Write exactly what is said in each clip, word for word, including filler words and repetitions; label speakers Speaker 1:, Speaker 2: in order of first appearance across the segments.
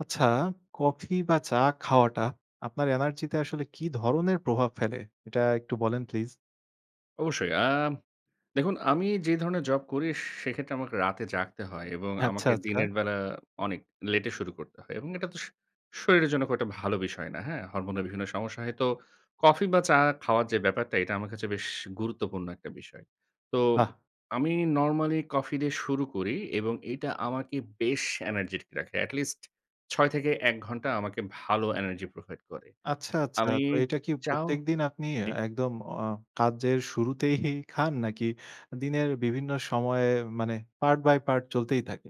Speaker 1: আচ্ছা, কফি বা চা খাওয়াটা আপনার এনার্জি তে আসলে কী ধরনের প্রভাব ফেলে? এটা একটু বলেন প্লিজ।
Speaker 2: অবশ্যই আ দেখুন আমি যে ধরণের জব করি সেক্ষেত্রে আমাকে রাতে জাগতে হয় এবং
Speaker 1: আচ্ছা,
Speaker 2: আমাকে
Speaker 1: আচ্ছা।
Speaker 2: দিনের বেলা অনেক লেট এ শুরু করতে হয় এবং এটা তো সু শরীরের জন্য খুব একটা ভালো বিষয় না। হ্যাঁ? হরমোনের বিভিন্ন সমস্যা হয় তো কফি বা চা খাওয়ার যে ব্যাপারটা এটা আমার কাছে বেশ গুরুত্বপূর্ণ একটা বিষয়। তো
Speaker 1: বাহ!
Speaker 2: আমি নরমালি কফি দিয়ে শুরু করি এবং এটা আমাকে বেশ এনার্জের্টিক রাখে এটলিস্ট ছয়টা থেকে এক ঘন্টা আমাকে ভালো এনার্জি প্রোভাইড করে।
Speaker 1: আচ্ছা, আচ্ছা।
Speaker 2: আমি
Speaker 1: তো এটা কি
Speaker 2: চাও
Speaker 1: প্রত্যেকদিন আপনি
Speaker 2: জি।
Speaker 1: একদম অ কাজের শুরুতেই খান নাকি দিনের বিভিন্ন সময়ে মানে পার্ট বাই পার্ট চলতেই থাকে?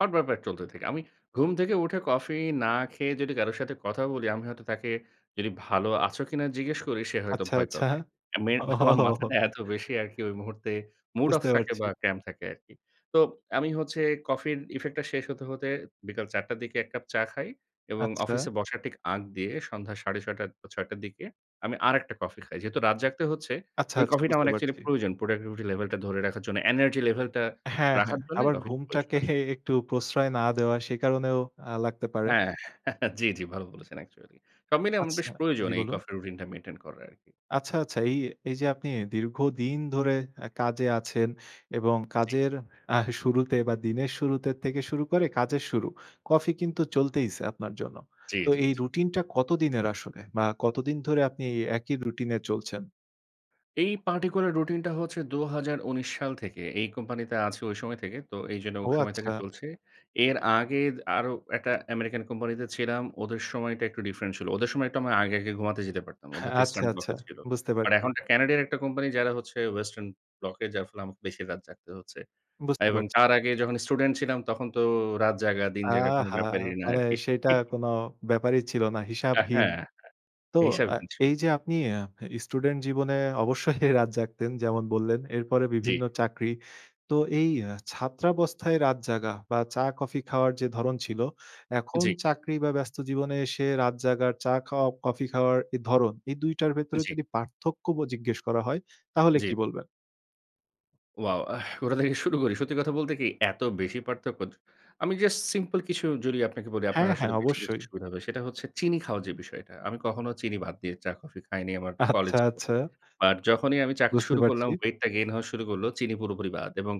Speaker 2: হট ব্যাপার চলতে থাকে। আমি ঘুম থেকে উঠে কফি না খেয়ে যদি কারো সাথে কথা বলি আমি হয়তো তাকে যদি "ভালো আছো কিনা?" জিজ্ঞেস করি সে হয়তো
Speaker 1: আচ্ছা,
Speaker 2: ভয়
Speaker 1: আচ্ছা।
Speaker 2: পাবে। আমি আমার
Speaker 1: ওহোহো।
Speaker 2: মাথাটা এত বেশি আরকি ওই মুহূর্তে মুড অফ
Speaker 1: বুঝতে
Speaker 2: থাকে
Speaker 1: পারছি।
Speaker 2: বা cram থাকে আরকি। তো আমি হচ্ছে কফির ইফেক্ট টা শেষ হতে হতে বিকেল চার টার দিকে এক কাপ চা খাই এবং
Speaker 1: আচ্ছা।
Speaker 2: অফিসে বসার ঠিক আগ দিয়ে সন্ধ্যা সাড়ে ছয় টার বা ছয় টার দিকে আমি আরেকটা কফি খাই। যেহেতু রাত জাগতে হচ্ছে
Speaker 1: আচ্ছা,
Speaker 2: ওই
Speaker 1: আচ্ছা।
Speaker 2: কফি টা
Speaker 1: বুঝতে
Speaker 2: আমার একচুয়ালি
Speaker 1: পারছি।
Speaker 2: প্রয়োজন প্রোডাক্টিভিটি লেভেল টা ধরে রাখার জন্য। এনার্জি লেভেল টা
Speaker 1: হ্যাঁ, হ্যাঁ।
Speaker 2: রাখার জন্য
Speaker 1: আবার
Speaker 2: কফি টা প্রয়োজন
Speaker 1: ঘুমটাকে
Speaker 2: আসবে।
Speaker 1: একটু প্রশ্রয় না দেওয়া সে কারণেও আ লাগতে পারে।
Speaker 2: হ্যাঁ। জি, জি ভালো বলেছেন একচুয়ালি। সব মিলে আম বেশ
Speaker 1: আচ্ছা,
Speaker 2: প্রয়োজন
Speaker 1: জি
Speaker 2: এই
Speaker 1: বলুন।
Speaker 2: কফি রুটিন টা মেইনটেইন করা আরকি।
Speaker 1: আচ্ছা, আচ্ছা এই এই যে আপনি দীর্ঘদিন ধরে এ কাজে আছেন এবং
Speaker 2: জি।
Speaker 1: কাজের এহ শুরুতে বা দিনের শুরুতে থেকে শুরু করে কাজের শুরু। কফি কিন্তু চলতেইছে আপনার জন্য।
Speaker 2: জি,
Speaker 1: তো
Speaker 2: জি,
Speaker 1: এই
Speaker 2: জি।
Speaker 1: রুটিন টা কতদিনের আসলে? বা কতদিন ধরে আপনি এই একই রুটিন এ চলছেন?
Speaker 2: এই পার্টিকুলার রুটিনটা হচ্ছে দু হাজার ঊনিশ সাল থেকে, এই কোম্পানিতে আছি ওই সময় থেকে। তো এইজন্য ওই
Speaker 1: ও
Speaker 2: সময় থেকে
Speaker 1: আচ্ছা।
Speaker 2: চলছে। এর আগেদ আরো একটা আমেরিকান কোম্পানিতে ছিলাম। ওদের সময়টা একটু ডিফরেন্ট ছিল। ওদের সময় একটু আগে, আগে ঘুমাতে যেতে পারতাম।
Speaker 1: হ্যাঁ,
Speaker 2: ওদেরটা
Speaker 1: আচ্ছা,
Speaker 2: ইস্টার্ন ব্লক
Speaker 1: আচ্ছা।
Speaker 2: এ ছিল।
Speaker 1: বুঝতে
Speaker 2: আর
Speaker 1: পারছি।
Speaker 2: এখনকার ক্যানাডিয়ার একটা কোম্পানি যারা হচ্ছে ওয়েস্টার্ন ব্লক এ। যার ফলে আমাকে বেশি রাত জাগতে হচ্ছে
Speaker 1: বুঝতে
Speaker 2: এবং
Speaker 1: পারছি।
Speaker 2: তার আগে যখন স্টুডেন্ট ছিলাম তখন তো রাত জাগা, দিন জায়গা কোনো
Speaker 1: আহা!
Speaker 2: ব্যাপারই না
Speaker 1: মানে
Speaker 2: আরকি।
Speaker 1: সেইটা কোনো ব্যাপারই ছিল না।
Speaker 2: আ
Speaker 1: হিসাবহীন।
Speaker 2: হ্যাঁ,
Speaker 1: তো
Speaker 2: হ্যাঁ।
Speaker 1: আ
Speaker 2: হিসাবহীন
Speaker 1: এইযে
Speaker 2: চলছে।
Speaker 1: আপনি আ স্টুডেন্ট জীবনে অবশ্যই রাত জাগতেন যেমন বললেন। এরপরে
Speaker 2: জি।
Speaker 1: বিভিন্ন চাকরি। তো এই আ ছাত্রাবস্থায় রাত জাগা বা চা কফি খাওয়ার যে ধরন ছিল, এখন
Speaker 2: জি।
Speaker 1: চাকরি বা ব্যস্ত জীবনে এসে রাত জাগার, চা খাওয়া, কফি খাওয়ার এ ধরন এই দুই টার ভেতরে
Speaker 2: জি।
Speaker 1: যদি পার্থক্য ব জিজ্ঞেস করা হয়, তাহলে
Speaker 2: জি।
Speaker 1: কী বলবেন?
Speaker 2: ওয়াও! আহ ওটা থেকে শুরু করি। সত্যি কথা বলতে কি এত বেশি পার্থক্য। য আমি জাস্ট সিম্পল কিছু জড়িয়ে আপনাকে বলি আপনার
Speaker 1: হ্যাঁ,
Speaker 2: আসলে
Speaker 1: হ্যাঁ।
Speaker 2: বেশি বুঝতে
Speaker 1: অবশ্যই।
Speaker 2: সুবিধা হবে। সেটা হচ্ছে চিনি খাওয়া যে বিষয়টা। আমি কখনো চিনি বাদ দিয়ে চা কফি খাইনি আমার কলেজ
Speaker 1: আচ্ছা,
Speaker 2: জীবনে।
Speaker 1: আচ্ছা।
Speaker 2: আর যখনই আমি চাকরি
Speaker 1: বুঝতে
Speaker 2: শুরু করলাম
Speaker 1: পারছি।
Speaker 2: ওয়েটটা গেইন হওয়া শুরু করলো। চিনি পুরোপুরি বাদ। এবং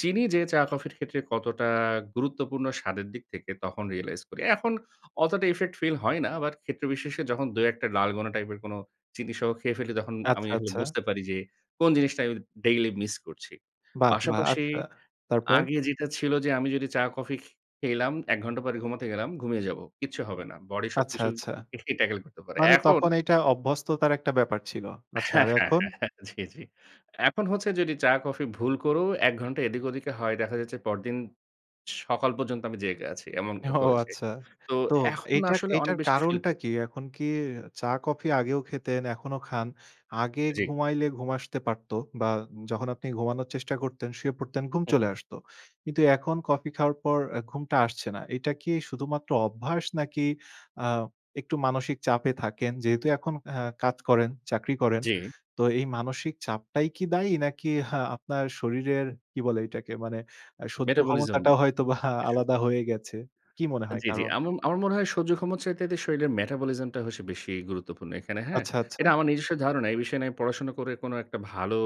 Speaker 2: চিনি যে চা কফির ক্ষেত্রে কতটা গুরুত্বপূর্ণ স্বাদের দিক থেকে তখন রিয়ালাইজ করি। এখন অতটা ইফেক্ট ফিল হয় না। আবার ক্ষেত্র বিশেষে যখন দুই-একটা ডালগোনা টাইপের কোনো চিনিসহ খেয়ে ফেলি তখন আমি
Speaker 1: আচ্ছা,
Speaker 2: আসলে
Speaker 1: আচ্ছা।
Speaker 2: বুঝতে পারি যে কোন জিনিসটা আমি ডেইলি মিস করছি।
Speaker 1: বাহ! বাহ!
Speaker 2: পাশাপাশি
Speaker 1: আচ্ছা, তারপর?
Speaker 2: আগে যেটা ছিল যে আমি যদি চা কফি খে খেললাম। এক ঘন্টা পরে ঘুমাতে গেলাম, ঘুমিয়ে যাবো, কিচ্ছু হবে না। বডি
Speaker 1: আচ্ছা,
Speaker 2: সবকিছু
Speaker 1: আচ্ছা।
Speaker 2: ফিটলি ট্যাকেল করতে পারে।
Speaker 1: মানে
Speaker 2: এখন
Speaker 1: তখন এইটা অভ্যস্ততার একটা ব্যাপার ছিল।
Speaker 2: আ
Speaker 1: আচ্ছা,
Speaker 2: হ্যাঁ,
Speaker 1: আর
Speaker 2: হ্যাঁ,
Speaker 1: এখন?
Speaker 2: হ্যাঁ। জি, জি। এখন হচ্ছে যদি চা-কফি ভুল করেও এক ঘন্টা এদিক ওদিকে হয়, দেখা যাচ্ছে পরদিন সকাল পর্যন্ত আমি জেগে আছি। এমন হ
Speaker 1: ও
Speaker 2: হয়েছে।
Speaker 1: আচ্ছা।
Speaker 2: তো
Speaker 1: তো
Speaker 2: এখন
Speaker 1: এটার
Speaker 2: আসলে অনেক
Speaker 1: এটার
Speaker 2: বেশি ফিল
Speaker 1: কারণটা
Speaker 2: করি।
Speaker 1: কী? এখন কি চা কফি আগেও খেতেন, এখনও খান। আগে
Speaker 2: জি।
Speaker 1: ঘুমাইলে ঘুম আসতে পারত বা যখন আপনি ঘুমানোর চেষ্টা করতেন, শুয়ে পড়তেন ঘুম
Speaker 2: হুম,
Speaker 1: চলে
Speaker 2: হুম।
Speaker 1: আসত। কিন্তু এখন কফি খাওয়ার পর আ ঘুমটা আসছে না। এইটা কি শুধুমাত্র অভ্যাস নাকি আ একটু মানসিক চাপে থাকেন। যেহেতু এখন অ্যা কাজ করেন, চাকরি করেন।
Speaker 2: জি।
Speaker 1: তো এই মানসিক চাপটাই কি দায়ী? নাকি হা আপনার শরীরের কি বলে এটাকে মানে আ সহ্য
Speaker 2: মেটাবলিজম
Speaker 1: ক্ষমতাটাও হয়তোবা
Speaker 2: এসব।
Speaker 1: আলাদা হয়ে গেছে, কী মনে হয়
Speaker 2: জি, জি।
Speaker 1: কারণ?
Speaker 2: এমন আমার আমার মনে হয় সহ্য ক্ষমছ চাইতে শরীরের মেটাবলিজম টা হচ্ছে বেশি গুরুত্বপূর্ণ এখানে, হ্যাঁ?
Speaker 1: আচ্ছা, আচ্ছা।
Speaker 2: এটা আমার নিজস্ব ধারণা। এই বিষয় নিয়ে আমি পড়াশোনা করে কোনো একটা ভালো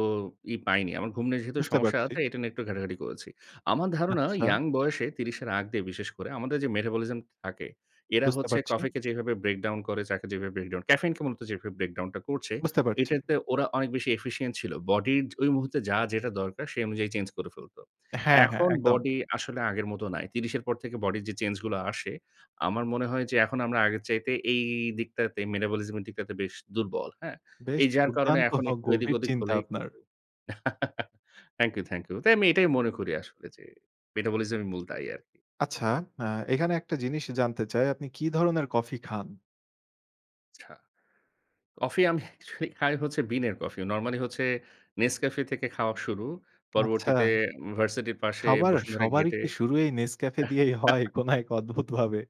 Speaker 2: ই পাইনি। আমার ঘুম নিয়ে যেহেতু
Speaker 1: বুঝতে
Speaker 2: সমস্যা
Speaker 1: পারছি।
Speaker 2: আছে এটা নিয়ে একটু ঘাটাঘাটি করেছি। আমার ধারণা
Speaker 1: আচ্ছা।
Speaker 2: ইয়াং বয়সে ত্রিশ এর আগ দিয়ে বিশেষ করে আমাদের যে মেটাবলিজম থাকে, এরা
Speaker 1: বুঝতে
Speaker 2: হচ্ছে
Speaker 1: পারছি।
Speaker 2: কফিকে যেভাবে ব্রেকডাউন করে, চাকে যেভাবে ব্রেকডাউন করে, ক্যাফেইনকে মূলত যেভাবে ব্রেকডাউন টা করছে
Speaker 1: বুঝতে পারছি।
Speaker 2: এটাতে ওরা অনেক বেশি এফিসিইয়েন্ট ছিল। বডির য ওই মুহূর্তে যা যেটা দরকার সেই অনুযায়ী চেঞ্জ করে ফেলত।
Speaker 1: হ্যাঁ, হ্যাঁ।
Speaker 2: এখন
Speaker 1: একদম।
Speaker 2: বডি আসলে আগের মত নাই। ত্রিশ এর পর থেকে বডির যে চেঞ্জগুলো আসে, আমার মনে হয় যে এখন আমরা আগের চাইতে এই দিকটাতে, মেটাবলিজম এর দিকটাতে বেশ দুর্বল। হ্যাঁ?
Speaker 1: বেশ
Speaker 2: এই যার কারণে
Speaker 1: দুর্দান্ত
Speaker 2: এখন একটু এদিক
Speaker 1: গভীর
Speaker 2: ওদিক
Speaker 1: চিন্তা
Speaker 2: হলেই
Speaker 1: আপনার।
Speaker 2: কিন্তু থ্যাংক ইউ, থ্যাংক ইউ। তাই আমি এটাই মনে করি আসলে যে মেটাবলিজমই মূল দায়ি আরকি।
Speaker 1: আচ্ছা। আ এইখানে একটা জিনিস জানতে চাই, আপনি কি ধরনের কফি খান?
Speaker 2: চ্ছা কফি আমি আসলে খাই হচ্ছে বিনের কফি, নরমালি হচ্ছে Nescafe থেকে খাওয়া শুরু।
Speaker 1: আচ্ছা।
Speaker 2: পরবর্তীতে উম ভার্সিটির পাশে
Speaker 1: সবার
Speaker 2: বসুন্ধরা
Speaker 1: সবারই
Speaker 2: গেটে
Speaker 1: কি শুরু এই Nescafe দিয়েই হয় কোনো এক অদ্ভুতভাবে?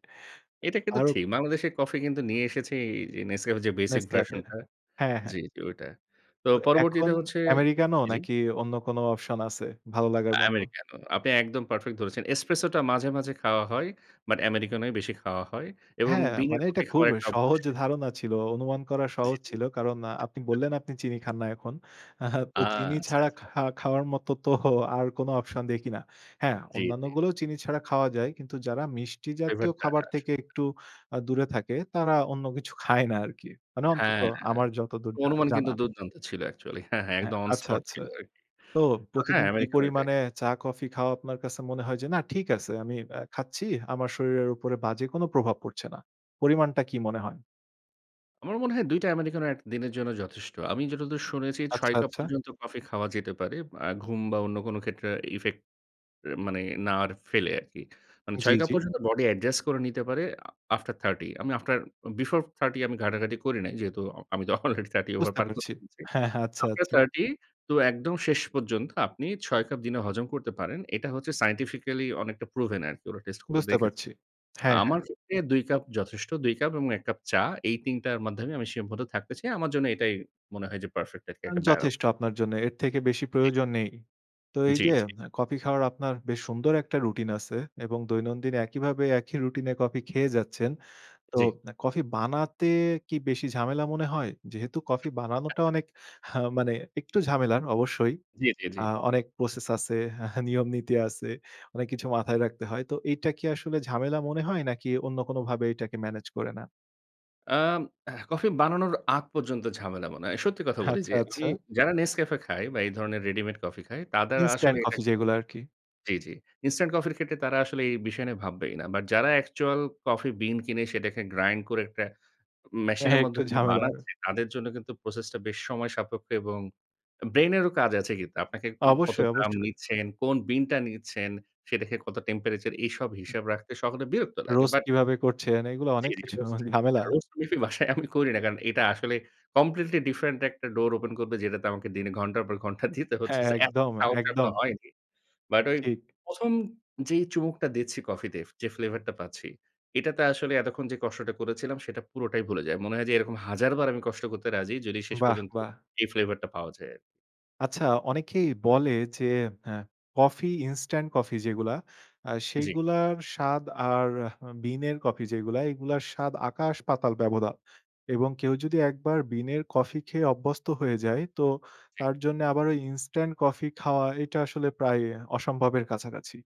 Speaker 2: এটা কিন্তু
Speaker 1: আরও
Speaker 2: ঠিক, বাংলাদেশে কফি কিন্তু নিয়ে এসেছে এইযে Nescafe এর যে ব্যাসিক
Speaker 1: Nescafe.
Speaker 2: ভার্সনটা
Speaker 1: হ্যাঁ,
Speaker 2: জি,
Speaker 1: হ্যাঁ।
Speaker 2: জি, ওইটা। তো
Speaker 1: তো এখন
Speaker 2: পরবর্তীতে হচ্ছে
Speaker 1: Americano
Speaker 2: জ্বি।
Speaker 1: নাকি অন্য কোনো অপশন আছে ভালো লাগার মতো?
Speaker 2: Americano, আপনি একদম পারফেক্ট ধরেছেন। Espresso টা মাঝে, মাঝে খাওয়া হয়। বাট Americano ই বেশি খাওয়া হয়। এবং
Speaker 1: হ্যাঁ,
Speaker 2: বিনের
Speaker 1: মানে এটা
Speaker 2: কফি
Speaker 1: খুব
Speaker 2: খাওয়ার একটা অভ্যাস।
Speaker 1: সহজ ধারণা ছিল। অনুমান করা
Speaker 2: জি,
Speaker 1: সহজ
Speaker 2: জি।
Speaker 1: ছিল। কারণ আ আপনি
Speaker 2: [unintelligible]
Speaker 1: বললেন আপনি চিনি খান না এখন।
Speaker 2: আ
Speaker 1: তো চিনি
Speaker 2: আচ্ছা,
Speaker 1: ছাড়া
Speaker 2: আচ্ছা।
Speaker 1: খা খাওয়ার মতো তো আর কোনো অপশন দেখি না। হ্যাঁ,
Speaker 2: জ্বি, জ্বি।
Speaker 1: অন্যান্যগুলোও চিনি ছাড়া খাওয়া যায়। কিন্তু যারা মিষ্টি
Speaker 2: Flavor
Speaker 1: জাতীয়
Speaker 2: টা
Speaker 1: খাবার
Speaker 2: আসলে।
Speaker 1: থেকে একটু আ দূরে থাকে, তারা অন্য কিছু খায় না আরকি। মানে অন্তত
Speaker 2: হ্যাঁ, হ্যাঁ।
Speaker 1: আমার যতদূর জা
Speaker 2: অনুমান কিন্তু
Speaker 1: জানা।
Speaker 2: দুর্দান্ত ছিল একচুয়ালি। হ্যাঁ, হ্যাঁ।
Speaker 1: হ্যাঁ,
Speaker 2: একদম অন
Speaker 1: আচ্ছা,
Speaker 2: স্পট
Speaker 1: আচ্ছা।
Speaker 2: ছিল আরকি।
Speaker 1: তো
Speaker 2: তো হ্যাঁ,
Speaker 1: প্রতিদিন কি
Speaker 2: Americano এটাই।
Speaker 1: পরিমাণে চা-কফি খাওয়া, আপনার কাছে মনে হয় যে, "না, ঠিক আছে, আমি বে খাচ্ছি? আমার শরীরের উপরে বাজে কোনো প্রভাব পড়ছে না।" পরিমাণটা কী মনে হয়?
Speaker 2: আমার মনে হয় দুই টা Americano এটদিনের জন্য যথেষ্ট। আমি যতদূর শুনেছি ছয়
Speaker 1: আচ্ছা,
Speaker 2: কাপ
Speaker 1: আচ্ছা।
Speaker 2: পর্যন্ত কফি খাওয়া যেতে পারে। আ ঘুম বা অন্য কোন ক্ষেত্রে ইফেক্ট মানে না আর ফেলে আরকি। মানে
Speaker 1: জ্বী,
Speaker 2: ছয় কাপ
Speaker 1: জ্বী।
Speaker 2: পর্যন্ত বডি অ্যাডজাস্ট করে নিতে পারে আ আফটার থার্টি আমি আফটার বিফোর থার্টি আমি ঘাঁটাঘাঁটি করি নাই। যেহেতু আ আমি তো অলরেডি থার্টি ওভার
Speaker 1: বুঝতে
Speaker 2: পার করে
Speaker 1: পারছি।
Speaker 2: ফেলেছি।
Speaker 1: হ্যাঁ, হ্যাঁ। আচ্ছা,
Speaker 2: আফটার
Speaker 1: আচ্ছা।
Speaker 2: থার্টি তো একদম শেষ পর্যন্ত আপনি ছয় কাপ দিনে হজম করতে পারেন। এটা হচ্ছে সায়েন্টিফিক্যালি অনেকটা প্রুভেন আরকি ওরা টেস্ট করে
Speaker 1: বুঝতে
Speaker 2: দেখেছে।
Speaker 1: পারছি। হ্যাঁ, হ্যাঁ।
Speaker 2: আমার ক্ষেত্রে দুই কাপ যথেষ্ট। দুই কাপ এবং এক কাপ চা। এই তিন টার মাধ্যমে আমি সীমাবদ্ধ থাকতে চাই। আমার জন্য এটাই মনে হয় যে perfect আরকি
Speaker 1: আ
Speaker 2: একটা balance.
Speaker 1: যথেষ্ট আপনার জন্যে। এর থেকে বেশি
Speaker 2: জ্বি।
Speaker 1: প্রয়োজন নেই। তো এই
Speaker 2: জ্বী,
Speaker 1: যে
Speaker 2: জ্বী। এটা
Speaker 1: এ কফি খাওয়ার আপনার বেশ সুন্দর একটা রুটিন আছে এবং দৈনন্দিন একইভাবে একই রুটিনে কফি খেয়ে যাচ্ছেন। তো
Speaker 2: জ্বী।
Speaker 1: এ কফি বানাতে কি বেশি ঝামেলা মনে হয়? যেহেতু কফি
Speaker 2: হ্যাঁ,
Speaker 1: বানানোটা
Speaker 2: হ্যাঁ।
Speaker 1: অনেক আ মানে একটু ঝামেলার অবশ্যই।
Speaker 2: জ্বী, জ্বী, জ্বী।
Speaker 1: আ অনেক প্রসেস আছে, নিয়মনীতি আছে। অনেক কিছু মাথায় রাখতে হয়। তো এইটা কি আসলে ঝামেলা মনে হয় নাকি অন্য কোনোভাবে এইটাকে মেনেজ করে নেন?
Speaker 2: আম হ্যাঁ, কফি বানানোর আগ পর্যন্ত ঝামেলা মনে হয়। সত্যি কথা বলি
Speaker 1: আচ্ছা,
Speaker 2: যে আমি
Speaker 1: আচ্ছা।
Speaker 2: যারা Nescafé খায় বা এই ধরনের রেডিমেড কফি খায়, তাদের আসলে
Speaker 1: Instant coffee
Speaker 2: এটাকে
Speaker 1: যেগুলো
Speaker 2: কোনোকিছু
Speaker 1: আরকি।
Speaker 2: জ্বী, জ্বী। ইনস্ট্যান্ট কফির ক্ষেত্রে তারা আসলে এই বিষয় নিয়ে ভাববেই না। বাট যারা অ্যাকচুয়াল কফি বিন কিনে সেটাকে গ্রাইন্ড করে একটা ম
Speaker 1: হ্যাঁ,
Speaker 2: মেশিনের
Speaker 1: হ্যাঁ। একটু
Speaker 2: মধ্যে যে
Speaker 1: ঝামেলার।
Speaker 2: বানাচ্ছে তাদের জন্য কিন্তু প্রসেসটা বেশ সময়সাপেক্ষ এবং ব্রেইন এরও কাজ আছে কিন্তু। আপনাকে কত
Speaker 1: অবশ্যই,
Speaker 2: গ্রাম
Speaker 1: অবশ্যই।
Speaker 2: নিচ্ছেন? কোন বিনটা নিচ্ছেন? সেটাকে কত টেম্পেরেচার? এইসব
Speaker 1: হুম।
Speaker 2: হিসাব রাখতে সকলের বিরক্ত লাগে।
Speaker 1: রোস্ট
Speaker 2: বাট
Speaker 1: কীভাবে করছেন? এগুলো অনেক
Speaker 2: জ্বী, জ্বী।
Speaker 1: কিছু
Speaker 2: রোস্ট
Speaker 1: ঝামেলা।
Speaker 2: আ রোস্ট কফি আমি বাসায় আমি করি না। কারণ এটা আসলে কমপ্লিটলি ডিফারেন্ট একটা ডোর ওপেন করবে যেটাতে আমাকে দিনে ঘন্টার পর ঘন্টা দিতে হচ্ছে।
Speaker 1: হ্যাঁ।
Speaker 2: So এত
Speaker 1: একদম,
Speaker 2: সাহস এখনো
Speaker 1: একদম।
Speaker 2: হয়নি। বাট ওই
Speaker 1: ঠিক।
Speaker 2: প্রথম যেই চুমুকটা দিচ্ছি কফি তে, যে ফ্লেভারটা পাচ্ছি, এটাতে আসলে এতক্ষণ যে কষ্টটা করেছিলাম সেটা পুরোটাই ভুলে যাই। মনে হয় যে এরকম হাজার বার আমি কষ্ট করতে রাজি যদি শেষ
Speaker 1: বাহ!
Speaker 2: পর্যন্ত
Speaker 1: বাহ!
Speaker 2: এই ফ্লেভারটা পাওয়া যায় আরকি।
Speaker 1: আচ্ছা অনেকেই বলে যে হ্যাঁ, কফি ইনস্ট্যান্ট কফি যেগুলা আ
Speaker 2: জ্বী।
Speaker 1: সেইগুলার স্বাদ আর আ বিনের কফি যেইগুলা, এইগুলার স্বাদ আকাশ-পাতাল ব্যবধান এবং কেউ যদি একবার বিনের কফি খেয়ে অভ্যস্ত হয়ে যায় তো
Speaker 2: জ্বী।
Speaker 1: তার জন্যে আবার ওই ইনস্ট্যান্ট কফি খাওয়া এটা আসলে প্রায় অসম্ভবের কাছাকাছি।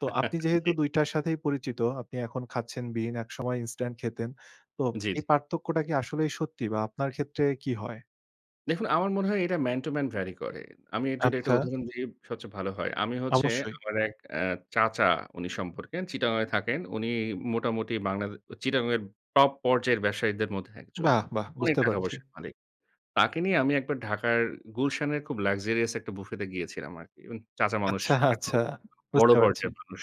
Speaker 1: তো আপনি যেহেতু
Speaker 2: জ্বী।
Speaker 1: দুই টার সাথেই পরিচিত আপনি এখন খাচ্ছেন বিন একসময় ইনস্ট্যান্ট খেতেন। তো
Speaker 2: জ্বী, জ্বী।
Speaker 1: এই পার্থক্যটা কি আসলেই সত্যি বা আপনার ক্ষেত্রে কি হয়?
Speaker 2: দেখুন আমার মনে হয় এটা ম্যান টু ম্যান ভ্যারি করে। আমি এর যদি একটা
Speaker 1: আচ্ছা।
Speaker 2: উদাহরণ দিই সবচেয়ে ভালো হয়। আমি হচ্ছে
Speaker 1: অবশ্যই।
Speaker 2: আমার এক অ্যা চাচা উনি সম্পর্কে, চিটাগং এ থাকেন, উনি মোটামুটি বাংলাদে চিটাগংয়ের টপ পর্যায়ের ব্যবসায়ীদের মধ্যে এক জন।
Speaker 1: বাহ! বাহ!
Speaker 2: অনেক
Speaker 1: বুঝতে
Speaker 2: টাকা
Speaker 1: পারছি।
Speaker 2: পয়সার মালিক। তাকে নিয়ে আমি এক বার ঢাকার গুলশানের খুব luxurious একটা বুফেতে গিয়েছিলাম আরকি। মানে চাচা মানুষ,
Speaker 1: আচ্ছা,
Speaker 2: এত ব
Speaker 1: আচ্ছা,
Speaker 2: বড়ো
Speaker 1: বুঝতে পারছি।
Speaker 2: পর্যায়ের মানুষ।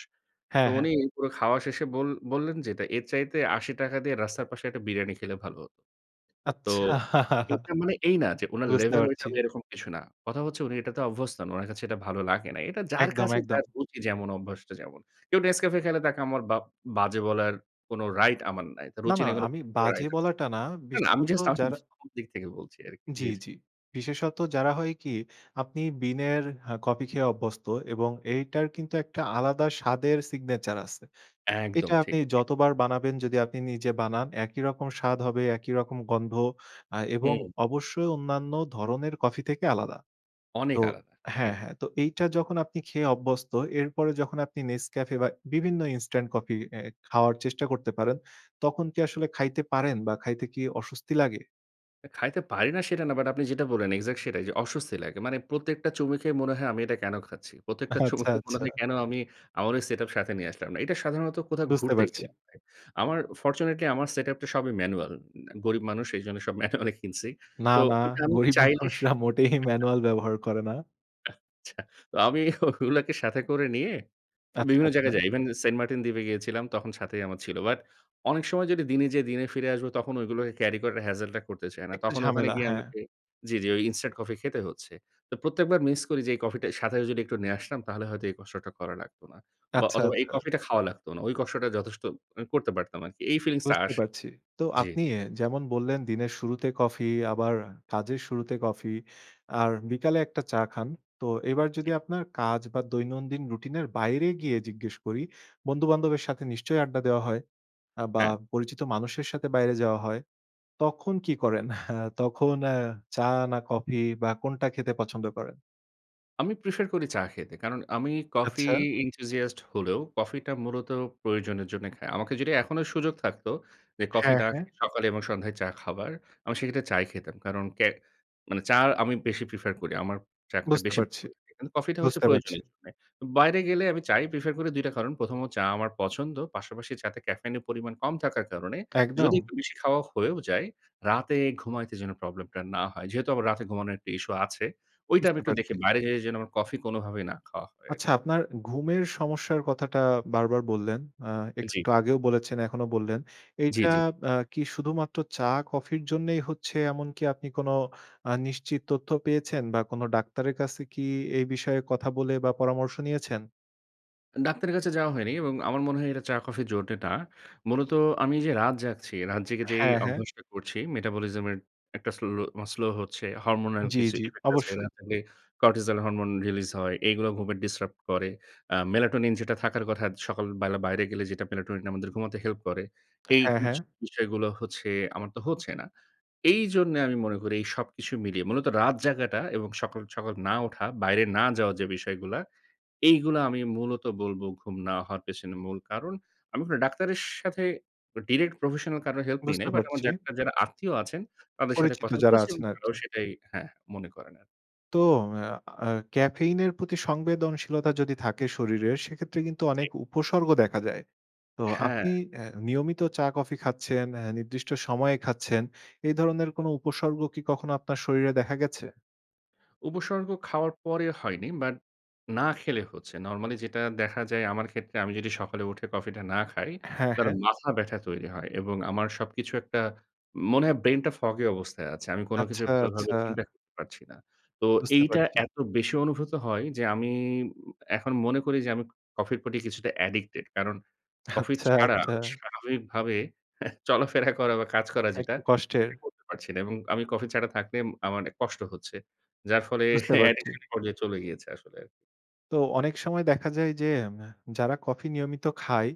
Speaker 2: তো
Speaker 1: হ্যাঁ, হ্যাঁ।
Speaker 2: উনি পুরো খাওয়া শেষে বল বললেন যেটা, "এর চাইতে আশি টাকা দিয়ে রাস্তার পাশে একটা বিরিয়ানি খেলে ভালো হতো।" তো
Speaker 1: আচ্ছা।
Speaker 2: এটা মানে এই না যে উনার
Speaker 1: বুঝতে
Speaker 2: লেভেল ওইটা
Speaker 1: পারছি।
Speaker 2: এরকম কিছু না। কথা হচ্ছে উনি এটাতে অভ্যস্ত নন, ওনার কাছে এটা ভালো লাগে নাই। এটা যার
Speaker 1: একদম,
Speaker 2: কাছে যার
Speaker 1: একদম।
Speaker 2: রুচি যেমন, অভ্যাসটা যেমন। কেউ Nescafe খেলে তাকে আমার বাপ বাজে বলার কোন রাইট আমার নাই। তো
Speaker 1: না,
Speaker 2: রুচি
Speaker 1: না
Speaker 2: নেই
Speaker 1: আমি বাজে
Speaker 2: [unintelligible]
Speaker 1: বলাটা না,
Speaker 2: না, না। আমি
Speaker 1: বিশেষত
Speaker 2: জাস্ট আমার
Speaker 1: যারা
Speaker 2: দিক থেকে বলছি আরকি,
Speaker 1: জ্বি,
Speaker 2: জ্বি, জ্বি।
Speaker 1: জ্বি। বিশেষত যারা হয় কি? আপনি বিনের হ্যাঁ, কফি খেয়ে অভ্যস্ত এবং এইটার কিন্তু একটা আলাদা স্বাদের সিগনেচার আছে। এটা
Speaker 2: একদম
Speaker 1: আপনি
Speaker 2: ঠিক। জি।
Speaker 1: যতবার বানাবেন যদি আপনি নিজে বানান একই রকম স্বাদ হবে, একই রকম গন্ধ আ এবং
Speaker 2: হুম।
Speaker 1: অবশ্যই অন্যান্য ধরনের কফি থেকে আলাদা।
Speaker 2: অনেক
Speaker 1: তো
Speaker 2: আলাদা।
Speaker 1: হ্যাঁ,
Speaker 2: একদম।
Speaker 1: হ্যাঁ। তো এইটা যখন আপনি খেয়ে অভ্যস্ত এরপরে যখন আপনি Nescafe বা বিভিন্ন ইনস্টেন্ট কফি এ খাওয়ার চেষ্টা করতে পারেন তখন কি আসলে খাইতে পারেন বা খাইতে কি অস্বস্তি লাগে?
Speaker 2: আ খাইতে পারি না সেটা না বাট আপনি যেটা বললেন এক্সাক্ট সেটাই যে অস্বস্তি লাগে। মানে প্রত্যেকটা চুমুকে মনে হয়, "আমি এটা কেন খাচ্ছি?" প্রত্যেকটা
Speaker 1: আচ্ছা,
Speaker 2: চুমুকে মনে
Speaker 1: আচ্ছা।
Speaker 2: হয়, "কেন আমি আমার ঐ সেটআপ সাথে নিয়ে আসলাম না?" এটা সাধারণত কোথাও
Speaker 1: বুঝতে
Speaker 2: ঘুরতে
Speaker 1: পারছি।
Speaker 2: গেলে হয়। আমার ফরচুনেটলি আমার সেটআপটা সবই ম্যানুয়াল। গরিব মানুষ এজন্য সব ম্যানুয়ালি কিনছি।
Speaker 1: না,
Speaker 2: তো
Speaker 1: না,
Speaker 2: এটা আমি
Speaker 1: গরীব
Speaker 2: চাইলে স
Speaker 1: মানুষরা মোটেই
Speaker 2: আচ্ছা।
Speaker 1: ম্যানুয়াল ব্যবহার করে না।
Speaker 2: আচ্ছা। তো আমি ওগুলাকে সাথে করে নিয়ে
Speaker 1: আচ্ছা,
Speaker 2: বিভিন্ন জায়গায়
Speaker 1: আচ্ছা।
Speaker 2: যাই। ইভেন সেন্ট মার্টিন দ্বীপে গিয়েছিলাম। তখন সাথেই আমার ছিল। বাট অনেক সময় যদি দিনে যেয়ে দিনে ফিরে আসবো তখন ঐগুলোকে ক্যারি করার হেজেল টা করতে চাই না।
Speaker 1: একটু
Speaker 2: তখন ওখানে
Speaker 1: ঝামেলা,
Speaker 2: গিয়ে
Speaker 1: হ্যাঁ।
Speaker 2: আমাকে জি, জি, ঐ ইনস্টান্ট কফি খেতে হচ্ছে। তো প্রত্যেকবার মিস করি যে, "এই কফিটা সাথে যদি একটু নিয়ে আসতাম তাহলে হয়তো এই কষ্টটা করা লাগত না। বা
Speaker 1: আচ্ছা,
Speaker 2: অথবা এই
Speaker 1: আচ্ছা।
Speaker 2: কফিটা খাওয়া লাগত না।" ঐ কষ্টটা যথেষ্ট আমি করতে পারতাম আরকি। এই ফিলিংসটা
Speaker 1: বুঝতে
Speaker 2: আসে।
Speaker 1: পারছি। তো
Speaker 2: জি।
Speaker 1: আপনি যেমন বললেন দিনের শুরুতে কফি আবার কাজের শুরুতে কফি আর বিকালে এক টা চা খান। তো এবার
Speaker 2: জি।
Speaker 1: যদি আপনার কাজ বা দৈনন্দিন রুটিন এর বাইরে গিয়ে জিজ্ঞেস করি বন্ধু-বান্ধবের সাথে নিশ্চয়ই আড্ডা দেওয়া হয় আ বা
Speaker 2: হ্যাঁ।
Speaker 1: পরিচিত মানুষের সাথে বাইরে যাওয়া হয়। তখন কি করেন? তখন আ চা না কফি বা কোনটা খেতে পছন্দ করেন?
Speaker 2: আমি প্রেফার করি চা খেতে। কারণ আমি কফি
Speaker 1: আচ্ছা।
Speaker 2: enthusiast হলেও কফি টা মূলত প্রয়োজনের জন্যে খাই। আমাকে যদি এখনো সুযোগ থাকত, যে কফি
Speaker 1: হ্যাঁ,
Speaker 2: না
Speaker 1: হ্যাঁ।
Speaker 2: খেয়ে সকালে এবং সন্ধ্যায় চা খাবার আমি সেক্ষেত্রে চা ই খেতাম। কারণ ক্যা মানে চা আমি বেশি প্রেফার করি। আমার চা খেতে
Speaker 1: বুঝতে
Speaker 2: বেশি
Speaker 1: পারছি।
Speaker 2: ভালো লাগে। কারণ কফি টা হচ্ছে
Speaker 1: বুঝতে পারছি।
Speaker 2: প্রয়োজনের জন্যে। বাইরে গেলে আমি চা ই প্রেফার করি দুই টা কারণ। প্রথম হচ্ছে চা আমার পছন্দ। পাশাপাশি চা তে ক্যাফেইন এর পরিমাণ কম থাকার কারণে যদি
Speaker 1: একদম।
Speaker 2: একটু বেশি খাওয়া হয়েও যায় রাতে ঘুমাইতে যেন প্রবলেম টা না হয়। যেহেতু আবার রাতে ঘুমানোর একটু ইস্যু আছে, ঐটা আমি
Speaker 1: বুঝতে
Speaker 2: একটু দেখি
Speaker 1: পারছি।
Speaker 2: বাইরে যেয়ে যেন আমার কফি কোনভাবেই না খাওয়া হয়
Speaker 1: আচ্ছা,
Speaker 2: আরকি।
Speaker 1: আপনার ঘুমের সমস্যার কথাটা বারবার বললেন। আ
Speaker 2: জি।
Speaker 1: একটু আগেও বলেছেন, এখনো বললেন।
Speaker 2: জি,
Speaker 1: এইটা
Speaker 2: জি।
Speaker 1: বা কি শুধুমাত্র চা-কফির জন্যেই হচ্ছে এমনকি আপনি কোন আ নিশ্চিত তথ্য পেয়েছেন বা কোন ডাক্তারের কাছে কি এই বিষয়ে কথা বলে বা পরামর্শ নিয়েছেন?
Speaker 2: ডাক্তারের কাছে যাওয়া হয়নি এবং আমার মনে হয় এটা চা-কফির জন্তে না। মূলত আমি যে রাত জাগছি রাত জেগে যেই
Speaker 1: হ্যাঁ, হ্যাঁ।
Speaker 2: অভ্যাসটা করছি মেটাবলিজম এর একটা স্লো মানে স্লো হচ্ছে। হরমোনাল
Speaker 1: জি,
Speaker 2: কিছু
Speaker 1: জি,
Speaker 2: ইফেক্ট আছে।
Speaker 1: অবশ্যই।
Speaker 2: এগুলা খাইলে করটিজল হরমোন রিলিজ হয়। এইগুলো ঘুমে ডিসরাপ্ট করে। আ মেলাটোনিন যেটা থাকার কথা সকাল বেলা বাইরে গেলে মেলাটোনিন আমাদের ঘুমাতে হেল্প করে, এই
Speaker 1: হ্যাঁ, হ্যাঁ।
Speaker 2: জি বিষয়গুলো হচ্ছে আমার তো হচ্ছে না। এইজন্যে আমি মনে করি এই সবকিছু মিলিয়ে মূলত রাত জায়গাটা এবং সকাল, সকাল না উঠা, বাইরে না যাওয়ার যে বিষয়গুলা এইগুলা আমি মূলত বলব ঘুম না হওয়ার পেছনে মূল কারণ। আমি কোন ডাক্তারের সাথে ডিরেক্ট professional কারোর হেল্প নি
Speaker 1: বুঝতে
Speaker 2: নাই। বাট আমার
Speaker 1: পারছি।
Speaker 2: ডাক্তার যারা আত্মীয় আছেন, তাদের সাথে
Speaker 1: পরিচিত
Speaker 2: কথা
Speaker 1: যারা
Speaker 2: বলেছি এবং
Speaker 1: আছেন
Speaker 2: তারাও
Speaker 1: আরকি।
Speaker 2: সেটাই হ্যাঁ, মনে করেন আরকি।
Speaker 1: তো অ্যা আ caffeine এর প্রতি সংবেদনশীলতা যদি থাকে শরীরের, সেক্ষেত্রে কিন্তু
Speaker 2: জি।
Speaker 1: অনেক উপসর্গ দেখা যায়। তো
Speaker 2: হ্যাঁ।
Speaker 1: আপনি অ্যা নিয়মিত চা কফি খাচ্ছেন, অ্যা নির্দিষ্ট সময়ে খাচ্ছেন। এই ধরনের কোন উপসর্গ কি কখনো আপনার শরীরে দেখা গেছে?
Speaker 2: উপসর্গ খাওয়ার পরে হয়নি, বাট না খেলে হচ্ছে। নরমালি যেটা দেখা যায় আমার ক্ষেত্রে আমি যদি সকালে উঠে কফি টা না খাই
Speaker 1: হ্যাঁ,
Speaker 2: তাহলে
Speaker 1: হ্যাঁ।
Speaker 2: মাথা ব্যাথা তৈরি হয় এবং আমার সবকিছু একটা, মনে হয় ব্রেইন টা foggy অবস্থায় আছে। আমি কোন কিছু
Speaker 1: আচ্ছা,
Speaker 2: ভালোভাবে
Speaker 1: আচ্ছা।
Speaker 2: চিন্তা করতে পারছি না। তো
Speaker 1: বুঝতে
Speaker 2: এইটা
Speaker 1: পারছি।
Speaker 2: এত বেশি অনুভূত হয় যে, আমি উম এখন মনে করি যে আমি কফির পর কিছুটা অ্যাডিক্টেড, কারণ কফি
Speaker 1: আচ্ছা,
Speaker 2: ছাড়া
Speaker 1: আচ্ছা।
Speaker 2: স্বাভাবিক ভাবে চলাফেরা করা বা কাজ করা
Speaker 1: আ
Speaker 2: যেটা,
Speaker 1: একটু কষ্টের।
Speaker 2: সেটা করতে পারছি না এবং আমি কফি ছাড়া থাকলে ম আমার কষ্ট হচ্ছে। যার ফলে
Speaker 1: বুঝতে পারছি।
Speaker 2: অ্যাডিকশন এর পর্যায়ে চলে গিয়েছে আসলে আরকি।
Speaker 1: তো অনেক সময় দেখা যায় যে ম্যা যারা কফি নিয়মিত খায়,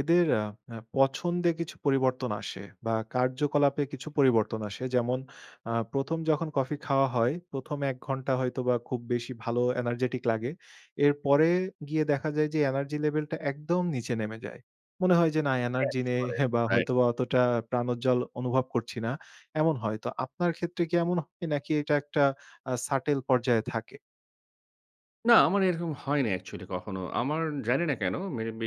Speaker 1: এদের আ আ পছন্দে কিছু পরিবর্তন আসে বা কার্যকলাপে কিছু পরিবর্তন আসে। যেমন আ প্রথম যখন কফি খাওয়া হয়, প্রথম এক ঘন্টা হয়তোবা খুব বেশি ভালো এনার্জেটিক লাগে। এরপরে গিয়ে দেখা যায় যে এনার্জি লেভেল টা একদম নিচে নেমে যায়। মনে হয় যে, "না এনার্জি
Speaker 2: crash
Speaker 1: নেই
Speaker 2: করে
Speaker 1: বা
Speaker 2: রাইট।
Speaker 1: হয়তোবা অতটা প্রাণোজ্জ্বল অনুভব করছি না" এমন হয়। তো আপনার ক্ষেত্রে কি এমন নাকি এটা একটা আ subtle পর্যায়ে থাকে?
Speaker 2: না, আমার এইরকম হয়নি actually কখনো। আমার জানি না কেন, maybe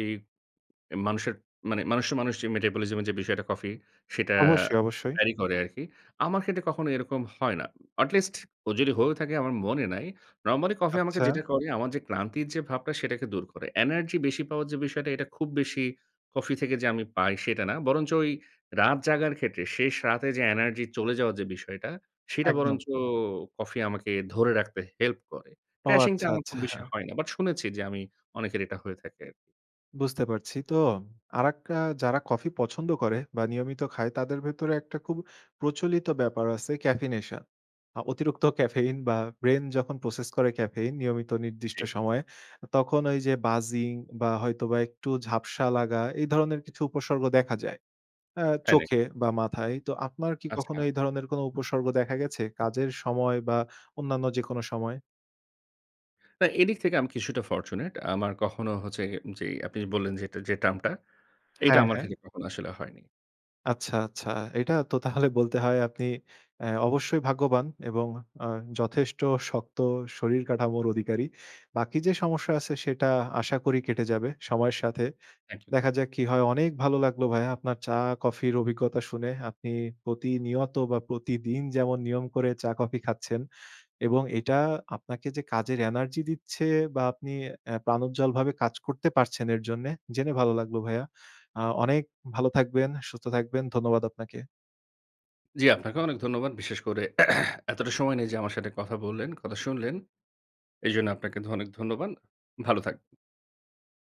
Speaker 2: এ মানুষের মানে মানুষের মানুষ metabolism যে বিষয়টা কফির, সেটা
Speaker 1: অবশ্যই, অবশ্যই।
Speaker 2: vary করে আরকি। আমার ক্ষেত্রে কখনো এরকম হয় না। At least ও যদি হয়েও থাকে আমার মনে নাই। Normally coffee আমাকে
Speaker 1: আচ্ছা।
Speaker 2: যেটা করে আমার যে ক্লান্তির যে ভাবটা সেটাকে দূর করে। Energy বেশি পাওয়ার যে বিষয়টা এটা খুব বেশি coffee থেকে যে আমি পাই সেটা না। বরঞ্চ এই রাত জাগার ক্ষেত্রে শেষ রাতে যে energy চলে যাওয়ার যে বিষয়টা সেটা
Speaker 1: একদম।
Speaker 2: বরঞ্চ coffee আমাকে ধরে রাখতে help করে।
Speaker 1: ও!
Speaker 2: crashing টা
Speaker 1: আচ্ছা,
Speaker 2: আমার
Speaker 1: আচ্ছা।
Speaker 2: খুব বেশি হয় না। But শুনেছি যে আমি অনেকের এটা হয়ে থাকে আরকি।
Speaker 1: বুঝতে পারছি। তো আরেকটা আ যারা coffee পছন্দ করে বা নিয়মিত খায় তাদের ভেতরে একটা খুব প্রচলিত ব্যাপার আছে caffeination. আ অতিরিক্ত caffein বা brain যখন process করে caffein নিয়মিত নির্দিষ্ট
Speaker 2: জি।
Speaker 1: সময়ে অ তখন ওই যে buzzing বা হয়তোবা একটু ঝাপসা লাগা এই ধরনের কিছু উপসর্গ দেখা যায়। অ্যা
Speaker 2: তাই নাকি?
Speaker 1: চোখে বা মাথায়। তো আপনার কি কখনো
Speaker 2: আচ্ছা।
Speaker 1: এই ধরনের কোন উপসর্গ দেখা গেছে কাজের সময় বা অন্যান্য যেকোনো সময়?
Speaker 2: না, এদিক থেকে আমি কিছুটা fortunate. আমার কখনো হচ্ছে গে যেই আপনি বললেন যে, যে term টা এইটা
Speaker 1: হ্যাঁ,
Speaker 2: আমার
Speaker 1: হ্যাঁ।
Speaker 2: ক্ষেত্রে কখনো আসলে হয়নি।
Speaker 1: আচ্ছা, আচ্ছা। এইটা তো তাহলে বলতে হয় আপনি এ অবশ্যই ভাগ্যবান এবং আ যথেষ্ট শক্ত শরীর কাঠামোর অধিকারী। বাকি যে সমস্যা আছে সেটা আশা করি কেটে যাবে সময়ের সাথে।
Speaker 2: Thank you,
Speaker 1: দেখা
Speaker 2: thank you.
Speaker 1: যাক কি হয়? অনেক ভালো লাগলো ভাইয়া। আপনার চা, coffee এর অভিজ্ঞতা শুনে। আপনি প্রতিনিয়ত বা প্রতিদিন যেমন নিয়ম করে চা কফি খাচ্ছেন। এবং এইটা আপনাকে যে কাজের এনার্জি দিচ্ছে বা আপনি এ প্রাণ উজ্জ্বলভাবে কাজ করতে পারছেন এর জন্যে। জেনে ভালো লাগলো ভাইয়া। আ অনেক ভালো থাকবেন, সুস্থ থাকবেন। ধন্যবাদ আপনাকে।
Speaker 2: জি, আপনাকেও অনেক ধন্যবাদ। বিশেষ করে এতটা সময় নিয়ে যে আমার সাথে কথা বললেন, কথা শুনলেন। এইজন্য আপনাকে অনেক ধন্যবাদ। ভালো থাকবেন।